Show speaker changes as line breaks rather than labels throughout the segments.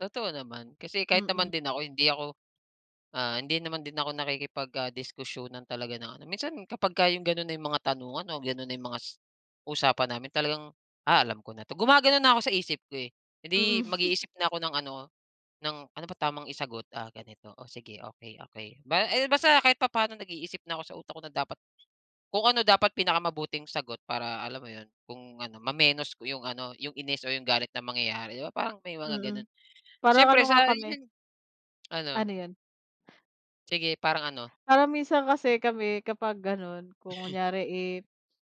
Totoo naman kasi kahit
Mm.
naman din ako hindi ako, ah, hindi naman din ako nakikipag ah, diskusyunan talaga ng ano, minsan kapagka yung gano'n na yung mga tanungan o gano'n na yung mgas usapan namin talagang, "Ah, alam ko na 'to," gumagano'n na ako sa isip ko, eh. Eh, di
Mm.
mag-iisip na ako ng ano ng, "Ano ba tamang isagot, ah, ganito o sige okey, okey." Ba eh, basta kahit papaano nag-iisip na ako sa utak ko na dapat kung ano dapat pinakamabuting sagot para alam mo 'yon kung ano mamenos ko yung ano yung inis o yung galit na mangyayari 'di ba parang may mga
Mm,
gano'n.
parang
Siyempre
ano nga
sa
kami.
iyon ano.
Ano 'yon.
Sige parang ano?
Parang minsan kasi kami kapag gano'n kung kunyari, eh,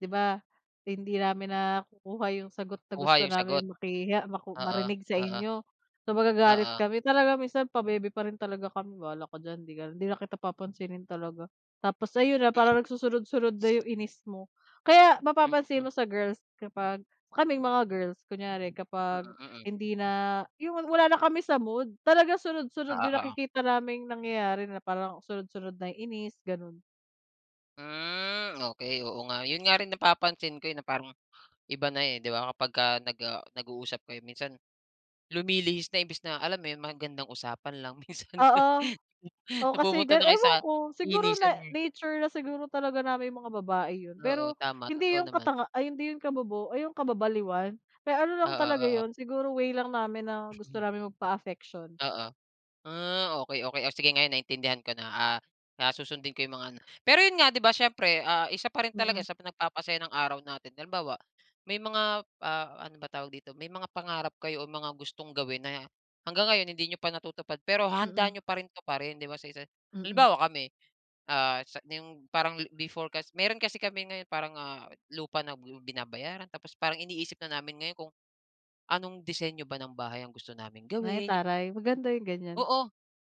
'di ba, hindi namin nakukuha yung sagot na
Kuha
gusto
yung sagot.
namin makuha, maku
Oo,
marinig sa
oo.
inyo. So, magagalit
Oo.
kami talaga minsan pabebe pa rin talaga kami bahala ka diyan 'di ka na hindi na kita papansinin talaga. Tapos ayun na
Mm.
parang nagsunod-sunod na yung inis mo. Kaya mapapansin
Mm.
mo sa girls kapag kaming mga girls kunyari kapag
Mm, mm.
hindi na yung wala na kami sa mood talaga sunod-sunod
Oo,
yung
oo.
nakikita naming nangyayari na parang sunod-sunod na inis gano'n.
Hmm, okey oo nga. 'Yon nga rin napapansin ko, eh, na parang iba na, eh, di ba kapagka, ah, nag-uusap kayo minsan, lumilihis na imbis na alam mo 'yon magandang usapan lang minsan
Oo, oh, kasi
napupunta na kayo sa
ewan ko siguro
inisan,
na
eh.
nature na siguro talaga namin yung mga babae 'yon.
Oo,
Pero
tama
hindi
totoo
yung
naman.
katanga ay hindi yung kabobo o yung kababaliwan, eh, ano lang
Oo,
talaga
oo.
'yon siguro way lang namin na gusto naming magpa-affection.
Oo. Ah, okey, okey. Oh, sige ngayon naintindihan ko na, ah, susundin ko yung mga ano. Pero 'yon nga 'di ba siyempre, ah, isa pa rin talaga
Mm.
sa nagpapasaya ng araw natin halimbawa, may mga, ah, ano ba tawag dito may mga pangarap kayo o mga gustong gawin na hanggang ngayon hindi niyo pa natutupad pero handa
Mm.
niyo pa rin tuparin 'di ba, sa isa.
Mm.
Halimbawa kami, ah, sa yung parang before kas meron kasi kami ngayon parang, ah, lupa na binabayaran tapos parang iniisip na namin ngayon kung anong disenyo ba ng bahay ang gusto naming
Ay,
gawin.
taray maganda yung gan'yan.
Oo,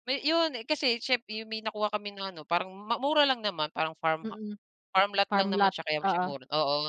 may 'yon kasi siyemp 'yon may nakuha kami na ano parang mura lang naman parang farm ha
Mm,
farm lot lang
farm
naman
lot
siya kaya siya
oo.
mura, oo.